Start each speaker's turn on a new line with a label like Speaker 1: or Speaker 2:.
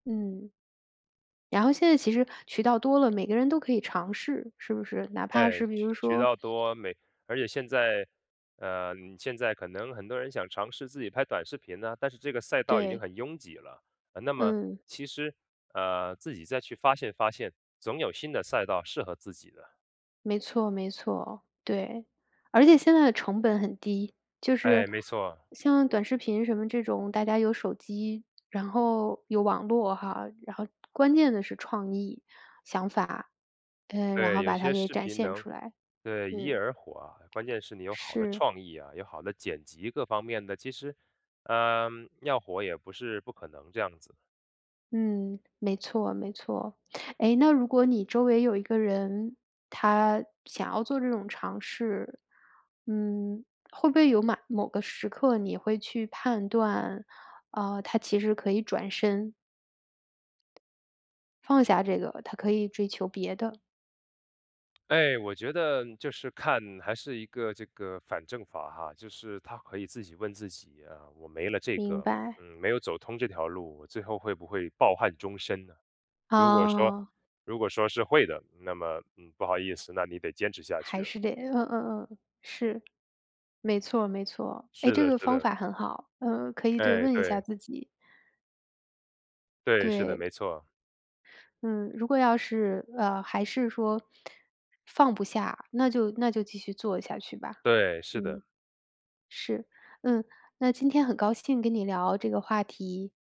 Speaker 1: 嗯。然后现在其实渠道多了，每个人都可以尝试，是不是？哪怕
Speaker 2: 对，
Speaker 1: 是比
Speaker 2: 渠
Speaker 1: 如
Speaker 2: 渠
Speaker 1: 说
Speaker 2: 道多，每而且现在，呃，现在可能很多人想尝试自己拍短视频呢，但是这个赛道已经
Speaker 1: 对。
Speaker 2: 很拥挤了。呃，那么，
Speaker 1: 嗯。
Speaker 2: 其实，呃，自己再去发现发现，总有新的赛道适合自己的。
Speaker 1: 没错没错，对。而且现在的成本很低，就
Speaker 2: 诶，
Speaker 1: 是
Speaker 2: 没错。
Speaker 1: 像短视频什么这种，大家有手机，然后有网络哈，然后关键的是创意、想法，嗯，然
Speaker 2: 对，
Speaker 1: 后
Speaker 2: 有
Speaker 1: 把它
Speaker 2: 些
Speaker 1: 给
Speaker 2: 视
Speaker 1: 展
Speaker 2: 频
Speaker 1: 现
Speaker 2: 能
Speaker 1: 出来。
Speaker 2: 对，一夜
Speaker 1: 嗯。
Speaker 2: 而火啊，关键是你有好的
Speaker 1: 是。
Speaker 2: 创意啊，有好的剪辑，各方面的，其实，嗯，要火也不是不可能这样子。
Speaker 1: 嗯，没错没错。诶，那如果你周围有一个人，他想要做这种尝试，嗯，会不会有马某个时刻你会去判断，呃，他其实可以转身放下这个，他可以追求别的。
Speaker 2: 哎，我觉得就是看还是一个这个反证法哈。就是他可以自己问自己啊，我没了这
Speaker 1: 明
Speaker 2: 个
Speaker 1: 白。
Speaker 2: 嗯，没有走通这条路，我最后会不会抱憾终身呢？如果说
Speaker 1: 哦。
Speaker 2: 如果说是会的，那么，嗯，不好意思，那你得坚持下去
Speaker 1: 还
Speaker 2: 了。
Speaker 1: 是得嗯嗯嗯，是。没错儿没错儿，哎，
Speaker 2: 是
Speaker 1: 这
Speaker 2: 的
Speaker 1: 个
Speaker 2: 是
Speaker 1: 方
Speaker 2: 的。
Speaker 1: 法很好，嗯，可以对，
Speaker 2: 诶，
Speaker 1: 问一下
Speaker 2: 对。
Speaker 1: 自己。
Speaker 2: 对，是的，
Speaker 1: 对。
Speaker 2: 没错儿。
Speaker 1: 嗯，如果要是，呃，还是说放不下，那就那就继续做下去吧。
Speaker 2: 对，是的。
Speaker 1: 嗯。是，嗯，那今天很高兴跟你聊这个话题。